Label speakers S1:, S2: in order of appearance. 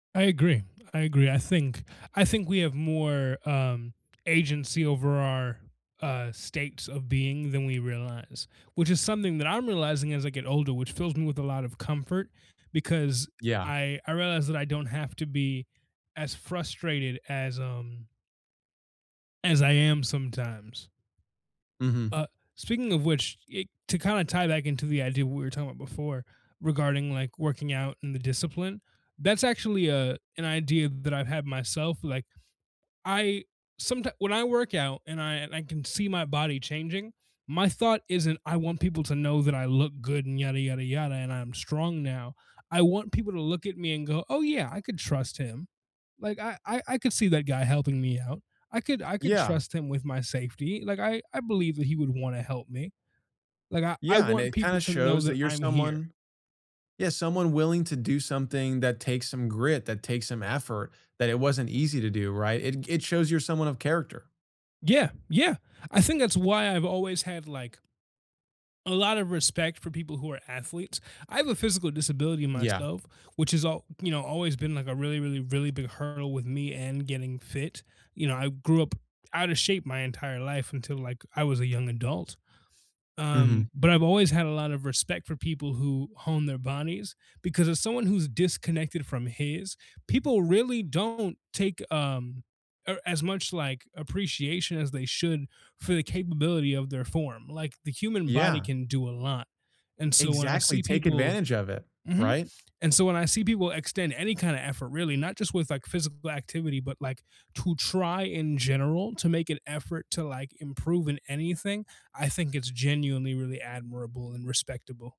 S1: I agree, I agree, I think I think we have more, um, agency over our, uh, states of being than we realize, which is something that I'm realizing as I get older, which fills me with a lot of comfort because
S2: Yeah.
S1: I I realized that I don't have to be as frustrated as, um as I am sometimes.
S2: Mhm.
S1: Uh, speaking of which, eh, to kinda tie back into the idea what we were talking about before, regarding like working out in the discipline, that's actually, uh, an idea that I've had myself, like, I someti when I work out and I and I can see my body changing, my thought isn't, "I want people to know that I look good and yada, yada, yada, and I'm strong now." I want people to look at me and go, "Oh yeah, I could trust him. Like I I I could see that guy helping me out, I could I could
S2: Yeah.
S1: trust him with my safety, like I I believe that he would wanna help me," like, I I
S2: Yeah, and
S1: want
S2: it
S1: people
S2: kinda
S1: to know
S2: shows
S1: that
S2: that you're
S1: I'm here.
S2: someone Yeah, someone willing to do something that takes some grit, that takes some effort, that it wasn't easy to do, right? It g it shows you're someone of character.
S1: Yeah, yeah, I think that's why I've always had like a lot of respect for people who are athletes, I have a physical disability
S2: Yeah.
S1: myself, which is all you know, always been like a really, really, really big hurdle with me and getting fit, you know, I grew up outta shape my entire life until, like, I was a young adult, um,
S2: Mhm.
S1: but I've always had a lot of respect for people who hone their bodies, because as someone who's disconnected from his, people really don't take, um or as much, like, appreciation as they should for the capability of their form, like the human body
S2: Yeah.
S1: can do a lot, and so when I
S2: Exactly,
S1: see
S2: take
S1: people
S2: advantage of it,
S1: Mhm,
S2: right?
S1: and so when I see people extend any kinda effort really, not just with, like, physical activity, but like, to try in general to make an effort to, like, improve in anything, I think it's genuinely really admirable and respectable.